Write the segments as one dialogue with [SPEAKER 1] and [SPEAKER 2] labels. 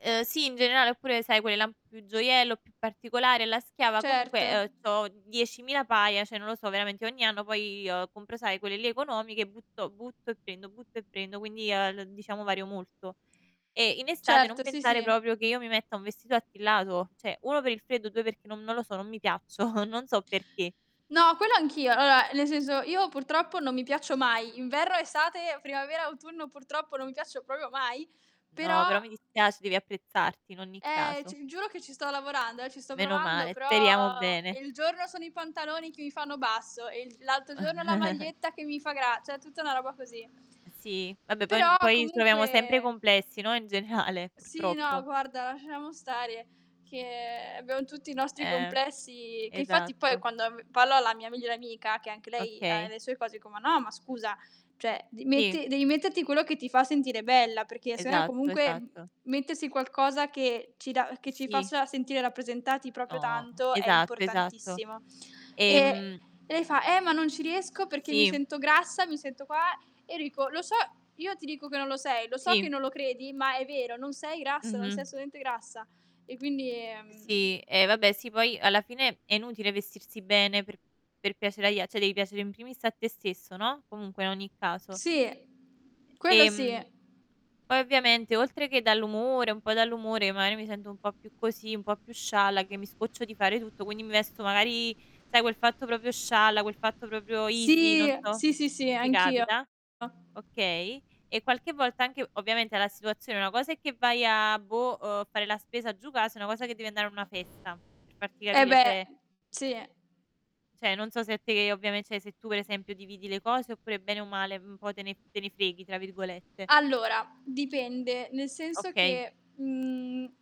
[SPEAKER 1] Uhm, sì in generale, oppure sai quelle là un po' più gioiello, più particolare, alla schiava comunque,
[SPEAKER 2] Certo.
[SPEAKER 1] uhm, c'ho 10.000 paia, cioè, non lo so veramente ogni anno, poi, compro sai quelle lì economiche e butto butto e prendo, butto e prendo, quindi, uhm, l diciamo vario molto. E in estate non
[SPEAKER 2] Certo, sì,
[SPEAKER 1] pensare
[SPEAKER 2] sì.
[SPEAKER 1] proprio che io mi metta un vestito attillato, cioè, 1 per il freddo, 2 perché non non lo so, non mi piaccio, non so perché.
[SPEAKER 2] No, quello anch'io. Vabbè, nel senso io purtroppo non mi piaccio mai. Inverno, estate, primavera, autunno, purtroppo non mi piaccio proprio mai,
[SPEAKER 1] No,
[SPEAKER 2] però,
[SPEAKER 1] però mi dispiac devi apprezzarti in ogni
[SPEAKER 2] uhm eh,
[SPEAKER 1] caso.
[SPEAKER 2] c giuro che ci sto lavorando, eh, ci sto
[SPEAKER 1] Meno
[SPEAKER 2] provando,
[SPEAKER 1] male, speriamo
[SPEAKER 2] però
[SPEAKER 1] bene.
[SPEAKER 2] e il giorno sono i pantaloni che mi fanno basso, e il l'altro giorno la maglietta che mi fa gra cioè, tutta una roba così.
[SPEAKER 1] Uhm, sì, vabbè poi n
[SPEAKER 2] Però,
[SPEAKER 1] poi troviamo sempre i
[SPEAKER 2] comunque
[SPEAKER 1] complessi, no, in generale
[SPEAKER 2] Sì, no
[SPEAKER 1] purtroppo.
[SPEAKER 2] guarda, lasciamo stare che abbiamo tutti i nostri
[SPEAKER 1] Eh,
[SPEAKER 2] complessi, che infatti, poi,
[SPEAKER 1] esatto.
[SPEAKER 2] quando, mhmm, parlo alla mia migliore amica che anche lei ha
[SPEAKER 1] Okay.
[SPEAKER 2] le sue cose, dico: "Ma no ma scusa, cioè, d
[SPEAKER 1] Sì.
[SPEAKER 2] metti devi metterti quello che ti fa sentire bella, perché sennò è
[SPEAKER 1] Esatto,
[SPEAKER 2] comunque mhmm,
[SPEAKER 1] esatto.
[SPEAKER 2] mettersi in qualcosa che ci dà
[SPEAKER 1] Uhm,
[SPEAKER 2] che ci
[SPEAKER 1] sì.
[SPEAKER 2] faccia sentire rappresentati proprio
[SPEAKER 1] No.
[SPEAKER 2] tanto è
[SPEAKER 1] Esatto, esatto.
[SPEAKER 2] importantissimo." Ehm,
[SPEAKER 1] Ehm
[SPEAKER 2] lei fa: "Eh, ma non ci riesco perché mi
[SPEAKER 1] Sì.
[SPEAKER 2] sento grassa, mi sento qua." E io dico: "Lo so, io ti dico che non lo sei. Lo so che
[SPEAKER 1] Sì.
[SPEAKER 2] non lo credi, ma è vero, non sei grassa, non sei
[SPEAKER 1] Mh-mh.
[SPEAKER 2] assolutamente grassa," e quindi, mhmm
[SPEAKER 1] Sì, eh vabbè, sì poi alla fine è inutile vestirsi bene per per piacere agli a cioè, devi piacere in primis a te stesso, no, comunque, in ogni caso.
[SPEAKER 2] Sì, quello sì.
[SPEAKER 1] Ehm, poi ovviamente oltre che dall'umore un po' dall'umore, magari, mi sento un po' più così, un po' più scialla che mi scoccio di fare tutto, quindi mi vesto, magari, sai quel fatto proprio scialla, quel fatto proprio easy,
[SPEAKER 2] Sì,
[SPEAKER 1] non so
[SPEAKER 2] sì, sì, sì.
[SPEAKER 1] se ti
[SPEAKER 2] Anch'io.
[SPEAKER 1] capita, okay. E qualche volta, anche ovviamente alla situazione, una cosa è che vai a, boh, uhm, fare la spesa giù casa, e una cosa che devi andare a una festa per farti
[SPEAKER 2] E
[SPEAKER 1] capire,
[SPEAKER 2] beh,
[SPEAKER 1] cioè
[SPEAKER 2] sì.
[SPEAKER 1] cioè, non so se te ovviamen se tu per esempio dividi le cose, oppure bene o male, mhmm, un po' te ne "te ne freghi" tra virgolette.
[SPEAKER 2] Allora, dipende, nel senso
[SPEAKER 1] Okay.
[SPEAKER 2] che, mhmm,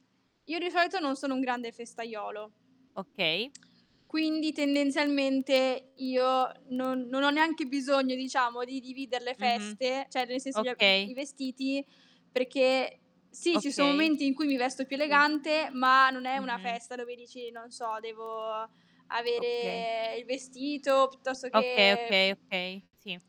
[SPEAKER 2] io di solito non sono un grande festaiolo
[SPEAKER 1] Okay.
[SPEAKER 2] quindi tendenzialmente io non non ho neanche bisogno, diciamo, di divider le
[SPEAKER 1] Mh-mh.
[SPEAKER 2] feste, cioè, nel senso gli a i i
[SPEAKER 1] Okay.
[SPEAKER 2] i vestiti, perché sì ci son
[SPEAKER 1] Okay.
[SPEAKER 2] momenti in cui mi vesto più
[SPEAKER 1] Sì.
[SPEAKER 2] elegante, ma non è una
[SPEAKER 1] Mh-mh.
[SPEAKER 2] festa dove dici, non so: "Devo
[SPEAKER 1] Okay.
[SPEAKER 2] avere il vestito piuttosto
[SPEAKER 1] Okay,
[SPEAKER 2] che"
[SPEAKER 1] okay, okay. Sì.